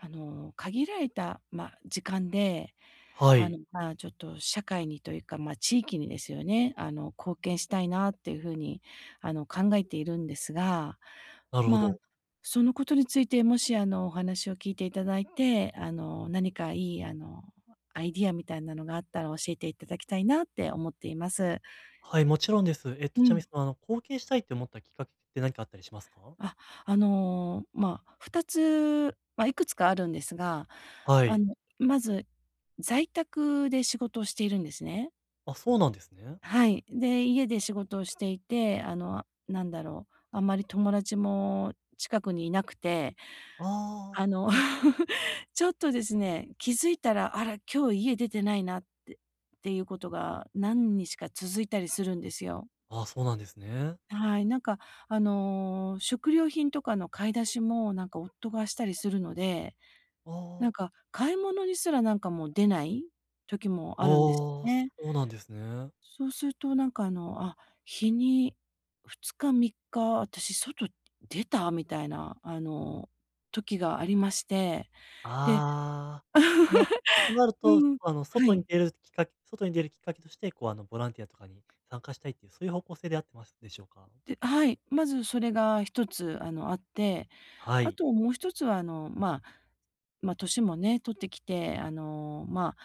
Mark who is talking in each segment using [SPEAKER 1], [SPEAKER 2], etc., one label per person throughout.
[SPEAKER 1] あの、限られた、ま、時間で、
[SPEAKER 2] は
[SPEAKER 1] あ
[SPEAKER 2] い。
[SPEAKER 1] の、ま、ちょっと社会にというか、ま、地域にですよね、あの、貢献したいなっていうふうに、あの、考えているんですが、
[SPEAKER 2] なるほ
[SPEAKER 1] ま、
[SPEAKER 2] ど。
[SPEAKER 1] そのことについて、もしあの、お話を聞いていただいて、あの、何かいい、あの、アイディアみたいなのがあったら教えていただきたいなって思っています。
[SPEAKER 2] はい、もちろんです。えっと
[SPEAKER 1] う
[SPEAKER 2] ちなみに、
[SPEAKER 1] ん。
[SPEAKER 2] その、あの、貢献したいと思ったきっかけって何かあったりしますか？
[SPEAKER 1] あ、あの、ま、二つ、ま、いくつかあるんですが、
[SPEAKER 2] は
[SPEAKER 1] あ
[SPEAKER 2] い。
[SPEAKER 1] の、まず、在宅で仕事をしているんですね。
[SPEAKER 2] あ、そうなんですね。
[SPEAKER 1] はい。で、家で仕事をしていて、あの、何だろう、あんまり友達も近くにいなくて、
[SPEAKER 2] ああ。
[SPEAKER 1] あの、ちょっとですね、気づいたら、あら、今日家出てないなって、っていうことが何日か続いたりするんですよ。
[SPEAKER 2] あ、そうなんですね。
[SPEAKER 1] はい。なんかあの、食料品とかの買い出しも、なんか夫がしたりするので、
[SPEAKER 2] あ
[SPEAKER 1] なん
[SPEAKER 2] あ。
[SPEAKER 1] か買い物にすら、なんかもう出ない時も
[SPEAKER 2] あ
[SPEAKER 1] あるんです
[SPEAKER 2] あ、
[SPEAKER 1] よ
[SPEAKER 2] そ
[SPEAKER 1] ね。
[SPEAKER 2] うなんですね。
[SPEAKER 1] そうするとなんかあの、あ、日に2日、3日、私外出た？みたいなあの、時がありまして。で
[SPEAKER 2] ああ、なとなる と、
[SPEAKER 1] うん。
[SPEAKER 2] あの、
[SPEAKER 1] は
[SPEAKER 2] 外に
[SPEAKER 1] い。
[SPEAKER 2] 出るきっかけ、外に出るきっかけとして、こう、あのボランティアとかに参加したいっていう、そういう方向性であってますでしょうか？
[SPEAKER 1] ではい。まずそれが一つ、あの、あって、
[SPEAKER 2] は
[SPEAKER 1] あ
[SPEAKER 2] い。
[SPEAKER 1] ともう一つはあの、ま、ま、年もね、取ってきて、あの、ま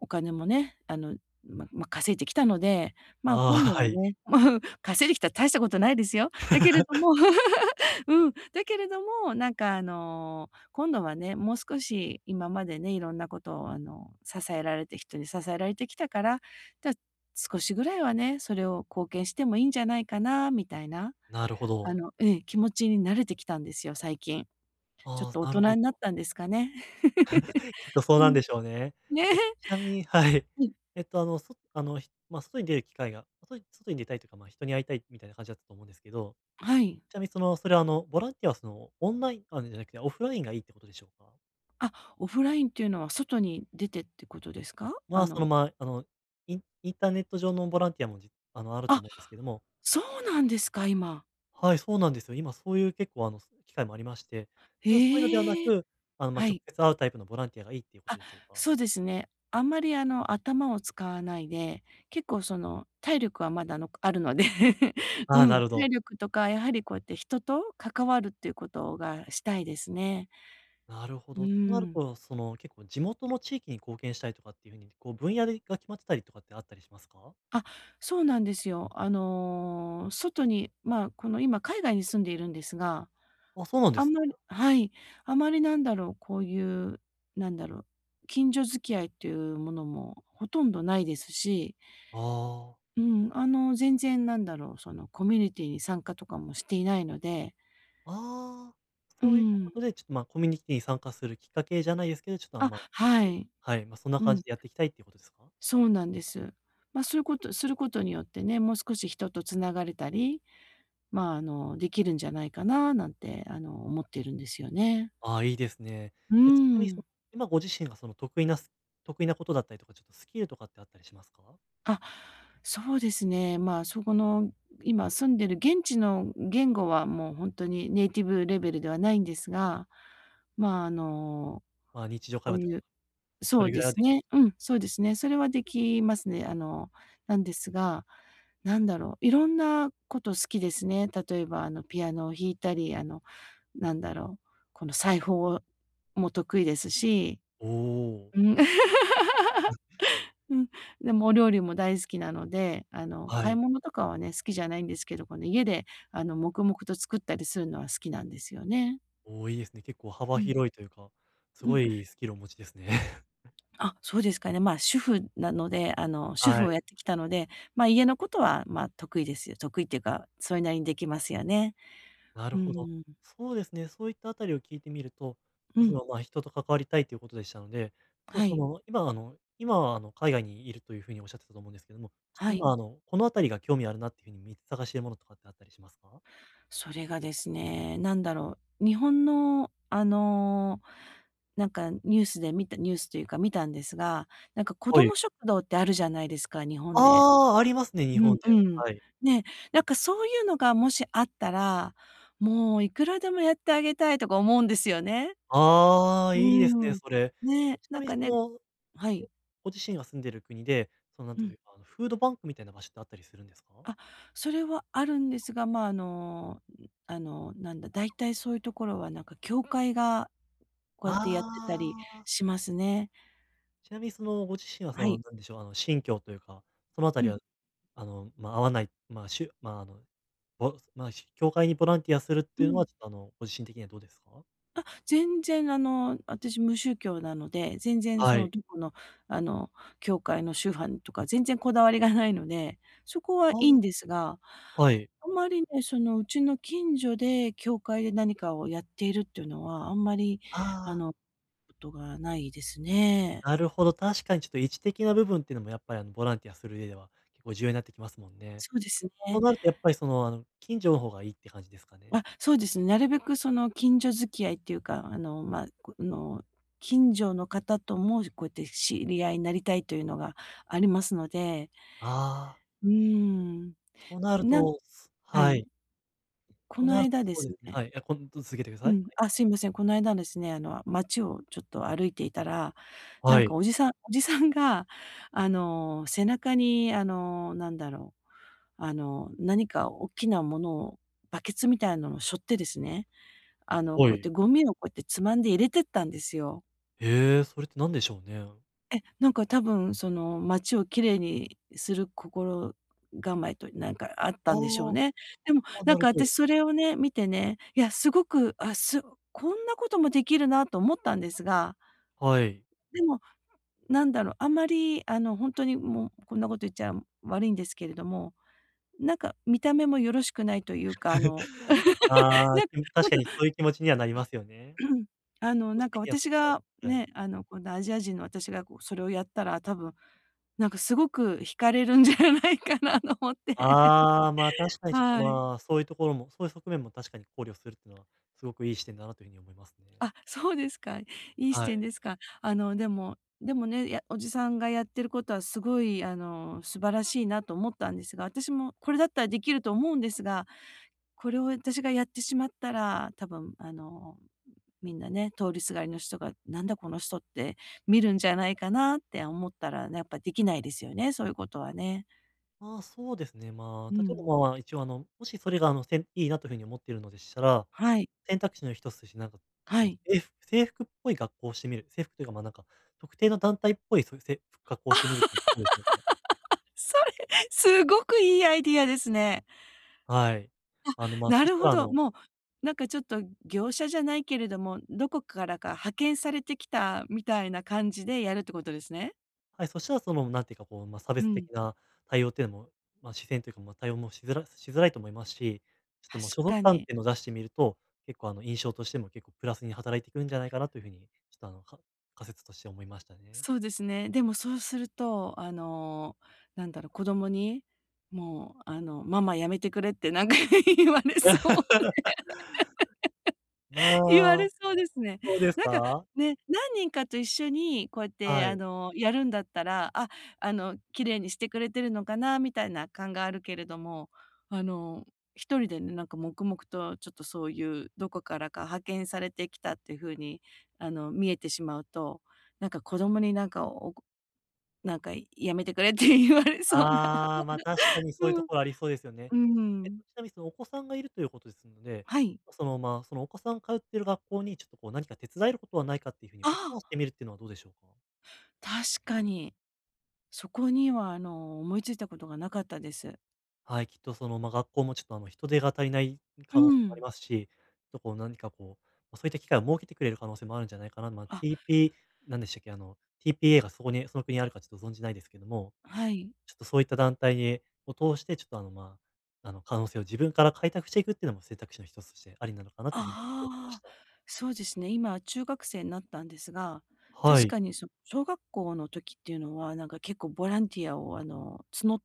[SPEAKER 1] お金もね、あの、まま、稼いできたので、ま、今
[SPEAKER 2] あ
[SPEAKER 1] 度
[SPEAKER 2] あ、は
[SPEAKER 1] は
[SPEAKER 2] い。
[SPEAKER 1] ね、稼いできたって大したことないですよ。だけれど も、うん、だけれども、なんかあの、今度はね、もう少し今までね、いろんなことをあの、支えられて、人に支えられてきたから、だ少しぐらいはね、それを貢献してもいいんじゃないかなみたいな、
[SPEAKER 2] なるほ
[SPEAKER 1] あ
[SPEAKER 2] ど。
[SPEAKER 1] のうん、気持ちになれてきたんですよ、最近。ちょっ
[SPEAKER 2] あ、
[SPEAKER 1] と大
[SPEAKER 2] なる
[SPEAKER 1] 人
[SPEAKER 2] ほ
[SPEAKER 1] になっ
[SPEAKER 2] ど。
[SPEAKER 1] たんですかね。
[SPEAKER 2] きっ とそう
[SPEAKER 1] う
[SPEAKER 2] なん
[SPEAKER 1] ん。
[SPEAKER 2] でしょうね。
[SPEAKER 1] ね。
[SPEAKER 2] えっ、ちなみに、はい。
[SPEAKER 1] うん。
[SPEAKER 2] えっと、あの、そあの、ま、外に出る機会が、外に外に出たいというか、ま、人に会いたいってみたいな感じだったと思うんですけど、
[SPEAKER 1] はい。
[SPEAKER 2] ちなみにその、それはあの、ボランティアはその、オンラインとかじゃなくてオフラインがいいってことでしょうか？
[SPEAKER 1] あ、オフラインっていうのは、外に出てってことですか？
[SPEAKER 2] ま
[SPEAKER 1] あ
[SPEAKER 2] あ、その、
[SPEAKER 1] の。
[SPEAKER 2] ま、あの、インインターネット上の、ボランティアも、じあの、あると
[SPEAKER 1] あ。
[SPEAKER 2] 思うんですけども。
[SPEAKER 1] そうなんですか、今。
[SPEAKER 2] はい、そうなんですよ。今、そういう、結構、あの、そ機会もありまして、ただそういうのではな
[SPEAKER 1] へえ。
[SPEAKER 2] く、あの、ま、
[SPEAKER 1] は
[SPEAKER 2] 直
[SPEAKER 1] い。
[SPEAKER 2] 接会うタイプのボランティアがいいっていうこと
[SPEAKER 1] あ、
[SPEAKER 2] でしょうか？
[SPEAKER 1] そうですね。あんまり、あの、頭を使わないで、結構、その、体力はまだ、のこあるので、う
[SPEAKER 2] ああ、な
[SPEAKER 1] ん、
[SPEAKER 2] るほ
[SPEAKER 1] 体
[SPEAKER 2] ど。
[SPEAKER 1] 力とか、やはりこうやって人と関わるっていうことがしたいですね。
[SPEAKER 2] なるほ
[SPEAKER 1] うー
[SPEAKER 2] ど。となる
[SPEAKER 1] ん。
[SPEAKER 2] と、その、結構、地元の地域に貢献したいとかっていう風に、こう、分野でが、決まってたりとかってあったりしますか？
[SPEAKER 1] あ、そうなんですよ。あの、外に、まあ、この、今、海外に住んでいるんですが、
[SPEAKER 2] あ、そうなんで
[SPEAKER 1] あん
[SPEAKER 2] す
[SPEAKER 1] まり
[SPEAKER 2] か。
[SPEAKER 1] はい、あまり、なんだろう、こういう、なんだろう、近所付き合いというものも、ほとんどないですし。
[SPEAKER 2] ああ。
[SPEAKER 1] うーん。あの、全然なんだろう、そのコミュニティに参加とかもしていないので。
[SPEAKER 2] ああ、
[SPEAKER 1] うー
[SPEAKER 2] そういったこ
[SPEAKER 1] ん。
[SPEAKER 2] とで、ちょっと、ま、コミュニティに参加するきっかけじゃないですけど、ちょっと、あん
[SPEAKER 1] あ、
[SPEAKER 2] ま
[SPEAKER 1] はい。
[SPEAKER 2] はい、ま、そんな
[SPEAKER 1] う
[SPEAKER 2] 感
[SPEAKER 1] ん。
[SPEAKER 2] じでやっていきたいっていうことですか？
[SPEAKER 1] そうなんです。ま、そういうことすることによってね、もう少し人と繋がれたり、まあ、あの、できるんじゃないかな、なんて、あの思っているんですよね。
[SPEAKER 2] ああ、いいですね。
[SPEAKER 1] うー
[SPEAKER 2] えっとちなみに、その、
[SPEAKER 1] ん。
[SPEAKER 2] 今、ご自身が、その、得意なス得意なことだったりとか、ちょっとスキルとかってあったりしますか？
[SPEAKER 1] あ、そうですね。まあそこの、今住んでる現地の言語はもうほんとにネイティブレベルではないんですが、まあ、あの、
[SPEAKER 2] まあ、日常会
[SPEAKER 1] こう
[SPEAKER 2] 話と
[SPEAKER 1] いう
[SPEAKER 2] そ
[SPEAKER 1] そう
[SPEAKER 2] れぐ
[SPEAKER 1] で
[SPEAKER 2] らいは
[SPEAKER 1] す
[SPEAKER 2] できる
[SPEAKER 1] ね、うん、そうですね。それはできますね。あの、なんですが、なんだろう、いろんなこと好きですね。例えばあの、ピアノを弾いたり、あの何だろう、この、裁縫も得意ですし、
[SPEAKER 2] おお。
[SPEAKER 1] うん。
[SPEAKER 2] む。
[SPEAKER 1] うん、でもお料理も大好きなので、あの
[SPEAKER 2] は
[SPEAKER 1] 買い
[SPEAKER 2] い。
[SPEAKER 1] 物とかはね、好きじゃないんですけど、この、家であの黙々と作ったりするのは好きなんですよね。
[SPEAKER 2] おお、いいですね。結構幅
[SPEAKER 1] うん。
[SPEAKER 2] 広いというか、す
[SPEAKER 1] う
[SPEAKER 2] ご
[SPEAKER 1] ん。
[SPEAKER 2] いスキルお持ちですね。
[SPEAKER 1] あ、そうですかね。まあ主婦なので、あの、主
[SPEAKER 2] は
[SPEAKER 1] 婦を
[SPEAKER 2] い。
[SPEAKER 1] やってきたので、まあ家のことは、まあ得意ですよ。得意っていうか、それなりにできますよね。
[SPEAKER 2] なる
[SPEAKER 1] う
[SPEAKER 2] ほど。
[SPEAKER 1] ん。
[SPEAKER 2] そうですね。そういったあたりを聞いてみると、
[SPEAKER 1] う
[SPEAKER 2] と、そ
[SPEAKER 1] ん。
[SPEAKER 2] のまあ、人と関わりたいということでしたので、ちょっと
[SPEAKER 1] は
[SPEAKER 2] そ
[SPEAKER 1] い。
[SPEAKER 2] の今あの今はあの、海外にいるという風におっしゃってたと思うんですけども、ち、
[SPEAKER 1] はい。
[SPEAKER 2] 今あのこの辺りが興味あるなっていう風にみ探してるものとかってあったりしますか？
[SPEAKER 1] それがですね、なんだろう、日本のあのなんかニュースで見たニュースというか見たんですが、なんか子
[SPEAKER 2] は
[SPEAKER 1] ど
[SPEAKER 2] い。
[SPEAKER 1] も食堂ってあるじゃないですか、日本で。
[SPEAKER 2] ああ、ありますね、日
[SPEAKER 1] う
[SPEAKER 2] 本
[SPEAKER 1] ん
[SPEAKER 2] で。
[SPEAKER 1] うん。
[SPEAKER 2] はい。
[SPEAKER 1] ね。なんかそういうのがもしあったら、もういくらでもやってあげたいとか思うんですよね。
[SPEAKER 2] ああ、
[SPEAKER 1] う
[SPEAKER 2] いいですね、
[SPEAKER 1] ん。
[SPEAKER 2] それ。
[SPEAKER 1] ね、
[SPEAKER 2] ちな
[SPEAKER 1] なん
[SPEAKER 2] みに
[SPEAKER 1] か
[SPEAKER 2] そ
[SPEAKER 1] ね
[SPEAKER 2] の
[SPEAKER 1] はい。
[SPEAKER 2] ご自身が住んでる国で、そのなん
[SPEAKER 1] う
[SPEAKER 2] とい
[SPEAKER 1] ん。
[SPEAKER 2] うかあの、フードバンクみたいな場所ってあったりするんですか？
[SPEAKER 1] あ、それはあるんですが、まああの、ん、あの、なんだ、大体そういうところはなんか教会がこうやってやってたり
[SPEAKER 2] ああ。
[SPEAKER 1] しますね。
[SPEAKER 2] ちなみにそのご自身はそ
[SPEAKER 1] は
[SPEAKER 2] の、
[SPEAKER 1] い。
[SPEAKER 2] 何でしょう、あのしんきょうというか、そのあた
[SPEAKER 1] う
[SPEAKER 2] り
[SPEAKER 1] ん。
[SPEAKER 2] はあの、ま、合わない、まあ、しゅまああの、ぼまあ教会にボランティアするっ
[SPEAKER 1] う
[SPEAKER 2] ていうのは
[SPEAKER 1] ん。
[SPEAKER 2] ちょっとあのご自身的にはどうですか？
[SPEAKER 1] あ、全然あの、私無宗教なので、全然そ
[SPEAKER 2] は
[SPEAKER 1] の
[SPEAKER 2] い。
[SPEAKER 1] どこのあの、教会のしゅはんとか全然こだわりがないので、そこは
[SPEAKER 2] あ
[SPEAKER 1] いいんですが、
[SPEAKER 2] あ。はい。
[SPEAKER 1] あんまりね、その、うちの近所で教会で何かをやっているっていうのは、あんまり
[SPEAKER 2] あ
[SPEAKER 1] あ
[SPEAKER 2] あ。
[SPEAKER 1] の、ことがないですね。
[SPEAKER 2] なるほど、確かにちょっと位置的な部分っていうのもやっぱりあのボランティアする上では、結構重要になってきますもんね。
[SPEAKER 1] そうです
[SPEAKER 2] そ
[SPEAKER 1] ね。
[SPEAKER 2] うなるとやっぱりその、あの、近所の方がいいって感じですかね。
[SPEAKER 1] あ、そうです。なるべくその近所付き合いっていうか、あのま、あの近所の方ともこうやって知り合いになりたいというのがありますので。
[SPEAKER 2] ああ。
[SPEAKER 1] うん。
[SPEAKER 2] となる
[SPEAKER 1] なん
[SPEAKER 2] とす、
[SPEAKER 1] は
[SPEAKER 2] は
[SPEAKER 1] い。
[SPEAKER 2] い。
[SPEAKER 1] こ
[SPEAKER 2] と
[SPEAKER 1] の
[SPEAKER 2] なると
[SPEAKER 1] 間で
[SPEAKER 2] そう
[SPEAKER 1] す
[SPEAKER 2] ですね。
[SPEAKER 1] ね
[SPEAKER 2] はい、いや、こん続けてください。
[SPEAKER 1] う
[SPEAKER 2] はい。
[SPEAKER 1] ん、あ、すいません、この間ですね、あの街をちょっと歩いていたら、
[SPEAKER 2] は
[SPEAKER 1] なん
[SPEAKER 2] い。
[SPEAKER 1] かおじさんおじさんが、あの、背中に、あの、なんだろう、あの、何か大きなものをバケツみたいなのをしょってですね、あの
[SPEAKER 2] お
[SPEAKER 1] こうやっ
[SPEAKER 2] い。
[SPEAKER 1] てゴミをこうやってつまんで入れてったんですよ。
[SPEAKER 2] ええ、それって何でしょうね。
[SPEAKER 1] え、なんか、多分、その、街を綺麗にする心構えという何かあっ
[SPEAKER 2] あ
[SPEAKER 1] たんでしょう
[SPEAKER 2] あ。
[SPEAKER 1] ね。でも、
[SPEAKER 2] あ、
[SPEAKER 1] な
[SPEAKER 2] な
[SPEAKER 1] ん
[SPEAKER 2] る
[SPEAKER 1] か、
[SPEAKER 2] ほど。
[SPEAKER 1] 私、それをね、見てね、いや、すごく、あすこんなこともできるなと思ったんですが
[SPEAKER 2] はい。
[SPEAKER 1] でも、なんだろう、あんまり、あの、本当に、もう、こんなこと言っちゃ悪いんですけれども、なんか、見た目もよろしくないというか、あの、
[SPEAKER 2] ああ
[SPEAKER 1] なん
[SPEAKER 2] 確かにそういう気持ちにはなりますよね。
[SPEAKER 1] あの、なんか、私 が
[SPEAKER 2] はい。
[SPEAKER 1] ね、あの、今度、アジア人の私が、こそれをやったら、多分、なんか、すごく引かれるんじゃないかなと思って。
[SPEAKER 2] ああ、まあ、確かに、ちょっと、
[SPEAKER 1] はい。
[SPEAKER 2] まあ、そういうところも、そういう側面も、確かに、考慮するっていうのは、すごくいい視点だなというふうに思いますね。
[SPEAKER 1] あ、そうですか。いい視
[SPEAKER 2] は
[SPEAKER 1] 点
[SPEAKER 2] い。
[SPEAKER 1] ですか。あの、でもでもね、やおじさんがやってることは、すごい、あの、素晴らしいなと思ったんですが、私も、これだったらできると思うんですが、これを私がやってしまったら、多分、あの、みんなね、通りすがりの人が、「なんだこの人」って見るんじゃないかなって思ったら、ね、やっぱ、できないですよね、そういうことはね。
[SPEAKER 2] ああ、そうですね。ま
[SPEAKER 1] う
[SPEAKER 2] あ例え
[SPEAKER 1] ん。
[SPEAKER 2] ばまあ一応あの、もしそれがあのせんいいなという風に思っているのでしたら、
[SPEAKER 1] はい。
[SPEAKER 2] 選択肢の一つとしてなんか
[SPEAKER 1] は
[SPEAKER 2] こう、
[SPEAKER 1] い。
[SPEAKER 2] せい制服っぽい格好をしてみる。制服というか、ま、なんか特定の団体っぽいそういうせ格好をし てみるってどうでしょうか？
[SPEAKER 1] それすごくいいアイディアですね。
[SPEAKER 2] はい。
[SPEAKER 1] あ、
[SPEAKER 2] あのまあ、
[SPEAKER 1] な
[SPEAKER 2] そし
[SPEAKER 1] る
[SPEAKER 2] た
[SPEAKER 1] ほ
[SPEAKER 2] らあ
[SPEAKER 1] ど。
[SPEAKER 2] の
[SPEAKER 1] もうなんかちょっと業者じゃないけれども、どこからか派遣されてきたみたいな感じでやるってことですね。
[SPEAKER 2] はい、そしたらそのなんていうかこう、ま、差
[SPEAKER 1] う
[SPEAKER 2] 別的
[SPEAKER 1] ん。
[SPEAKER 2] な対応というの、ま視線というか、ま対応もしづらしづらいと思いますし、ちょっと
[SPEAKER 1] 確
[SPEAKER 2] もう所属
[SPEAKER 1] か
[SPEAKER 2] 感っ
[SPEAKER 1] に。
[SPEAKER 2] ていうのを出してみると、結構あの印象としても結構プラスに働いてくんじゃないかなという風に、ちょっとあのか仮説として思いました。
[SPEAKER 1] そうですね。でもそうすると、あのなんだろ、子供に「もうあの、ママやめてくれ」ってなんか言われそう
[SPEAKER 2] ま
[SPEAKER 1] で 言わ
[SPEAKER 2] あ、
[SPEAKER 1] れそうですね。
[SPEAKER 2] そうです
[SPEAKER 1] なんか、
[SPEAKER 2] か？
[SPEAKER 1] ね、何人かと一緒にこうやって、
[SPEAKER 2] は
[SPEAKER 1] あ
[SPEAKER 2] い。
[SPEAKER 1] のやるんだったら、あ、あの綺麗にしてくれてるのかなみたいな感があるけれども、あの1人でね、なんか黙々とちょっとそういう、どこからか派遣されてきたっていう風に、あの見えてしまうと、なんか子供になんか、おこなんかやめてくれって言われそうな。
[SPEAKER 2] ああ、ま、確かに そういう
[SPEAKER 1] う
[SPEAKER 2] と
[SPEAKER 1] ん。う
[SPEAKER 2] こありそうですよね。
[SPEAKER 1] ー
[SPEAKER 2] えっ
[SPEAKER 1] ん。
[SPEAKER 2] と、ちなみにそのお子さんがいるということですので、
[SPEAKER 1] はい。
[SPEAKER 2] そのまあ、そのお子さん通っている学校にちょっとこう何か手伝えることはないかっていう風に
[SPEAKER 1] あ
[SPEAKER 2] オファ
[SPEAKER 1] あ。
[SPEAKER 2] ーしてみるっていうのはどうでしょうか？
[SPEAKER 1] 確かに。そこには、あの、思いついたことがなかったです。
[SPEAKER 2] はい、きっと、その、まあ、学校も、ちょっと、あの、人手が足りない
[SPEAKER 1] う
[SPEAKER 2] 可能性もあり
[SPEAKER 1] ん。
[SPEAKER 2] ますし、ちょっと、こう、何か、こう、そういった機会を設けてくれる可能性もあるんじゃないかなと、まあ、
[SPEAKER 1] あ。
[SPEAKER 2] ティーピー、なんでしたっけ、あの、PTA がそこに、その、国にあるか、ちょっと、存じないですけども、
[SPEAKER 1] はい。
[SPEAKER 2] ちょっと、そういった団体へを通して、ちょっと、あの、まあ、あの、可能性を自分から開拓していくっていうのも選択肢の一つとしてありなのかなという風に印象受けまし
[SPEAKER 1] ああ、
[SPEAKER 2] た。
[SPEAKER 1] そうですね、今、中学生になったんですが、
[SPEAKER 2] は
[SPEAKER 1] 確
[SPEAKER 2] い。
[SPEAKER 1] かに、その、小学校の時っていうのは、なんか、結構、ボランティアを、あの、つの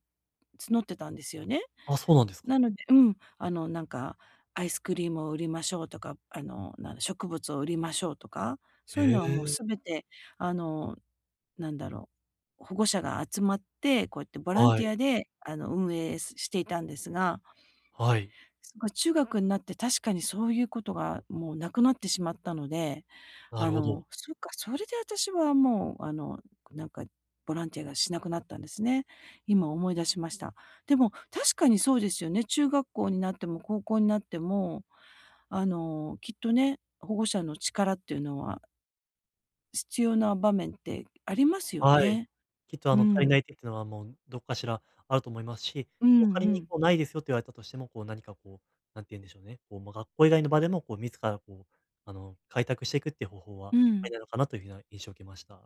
[SPEAKER 1] 募ってたんですよね。
[SPEAKER 2] あ、そうなんですか。
[SPEAKER 1] なのでうん、あの、なんか、アイスクリームを売りましょうとか、あの、なんだ、植物を売りましょうとか、そういう
[SPEAKER 2] へ
[SPEAKER 1] のは、もう、
[SPEAKER 2] え。
[SPEAKER 1] 全て、あの、なんだろう、保護者が集まって、こうやってボラン
[SPEAKER 2] は
[SPEAKER 1] ティ
[SPEAKER 2] い。
[SPEAKER 1] アで、あの、運営していたんですが。
[SPEAKER 2] はい。
[SPEAKER 1] その、中学になって、確かに、そういうことが、もう、なくなってしまったので、
[SPEAKER 2] な
[SPEAKER 1] あ
[SPEAKER 2] るほど。
[SPEAKER 1] の、そっか、それで私は、もう、あの、なんか、ボランティアがしなくなったんですね。今、思い出しました。でも、確かに、そうですよね。中学校になっても高校になっても、あの、きっとね、保護者の力っていうのは必要な場面ってありますよ
[SPEAKER 2] はい。
[SPEAKER 1] ね。
[SPEAKER 2] きっとあ
[SPEAKER 1] う
[SPEAKER 2] の、足りな
[SPEAKER 1] ん。
[SPEAKER 2] いって言ってたのはもうどこかしらあると思いますし、
[SPEAKER 1] う
[SPEAKER 2] こう、
[SPEAKER 1] ん
[SPEAKER 2] 仮
[SPEAKER 1] う
[SPEAKER 2] に
[SPEAKER 1] ん。
[SPEAKER 2] こう、ないですよって言われたとしても、こう何かこう、何て言うんでしょうね。こう、ま、学校以外の場でもこう自らこう、あの、開拓していくっていう方法は
[SPEAKER 1] う
[SPEAKER 2] あ
[SPEAKER 1] ん。
[SPEAKER 2] りなのかな、という風なような印象を受けました。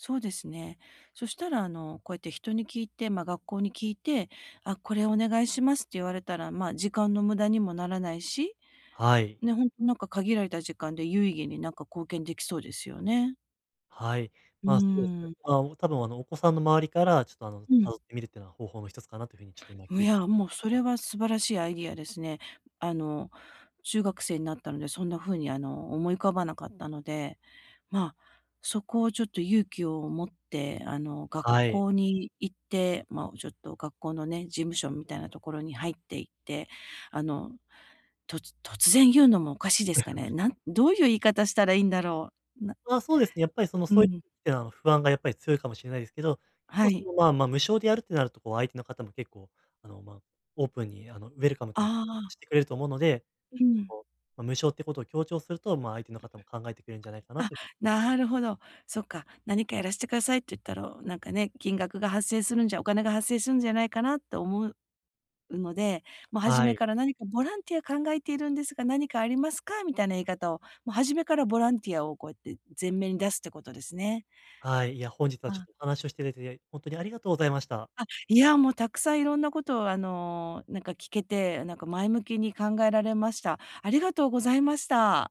[SPEAKER 1] そうですね。そしたらあの、こうやって人に聞いて、ま、学校に聞いて、あ、これお願いしますって言われたら、ま、時間の無駄にもならないし、
[SPEAKER 2] はい。
[SPEAKER 1] ね、ほんとなんか限られた時間で有意義になんか貢献できそうですよね。
[SPEAKER 2] はい。
[SPEAKER 1] うー
[SPEAKER 2] ま、そうですね。
[SPEAKER 1] ん。
[SPEAKER 2] あお、多分あのお子さんの周りから、ちょっとあの、
[SPEAKER 1] う
[SPEAKER 2] た
[SPEAKER 1] ん。
[SPEAKER 2] どってみるってのは方法の一つかなという風にちょっと今聞
[SPEAKER 1] い
[SPEAKER 2] いで
[SPEAKER 1] や、
[SPEAKER 2] 思
[SPEAKER 1] も
[SPEAKER 2] い
[SPEAKER 1] う
[SPEAKER 2] まし
[SPEAKER 1] それ
[SPEAKER 2] た。
[SPEAKER 1] は素晴らしいアイディアですね。あの、中学生になったので、そんな風にあの、思い浮かばなかったので、ま、そこをちょっと勇気を持ってあの、学
[SPEAKER 2] はい。
[SPEAKER 1] 校に行って、ま、ちょっと学校のね、事務所みたいなところに入って行って、あの、と突然言うのもおかしいですかね？なんどういう言い方したらいいんだろう。な
[SPEAKER 2] あ、そうですね。やっぱりその
[SPEAKER 1] う
[SPEAKER 2] そうい、
[SPEAKER 1] ん。
[SPEAKER 2] や、不安がやっぱり強いかもしれないですけど、結
[SPEAKER 1] は
[SPEAKER 2] 構そ
[SPEAKER 1] い。
[SPEAKER 2] のまあまあ、無償でやるってなるとこう相手の方も結構、あの、ま、オープンにあのウェルカムという
[SPEAKER 1] ああ。
[SPEAKER 2] してくれると思うので、
[SPEAKER 1] うん。
[SPEAKER 2] こう、ま、無償ということを強調すると、ま、相手の方も考えてくれるんじゃないかな
[SPEAKER 1] あ、
[SPEAKER 2] と。
[SPEAKER 1] なるほど。そっか。何かやらしてくださいって言ったろ、なんかね、金額が発生するんじゃ、お金が発生するんじゃないかなと思うので、もう初
[SPEAKER 2] は
[SPEAKER 1] め
[SPEAKER 2] い。
[SPEAKER 1] から「何かボランティア考えているんですが、何かありますか？」みたいな言い方を、もう初めからボランティアをこうやって、前面に出すってことですね。
[SPEAKER 2] はい。いや、本日はちょっ
[SPEAKER 1] あ。
[SPEAKER 2] とお話をしていただいて、いえい、ほんとにありがとうございました。
[SPEAKER 1] あ、いや、もうたくさんいろんなことを、あの、なんか聞けて、なんか前向きに考えられました。ありがとうございました。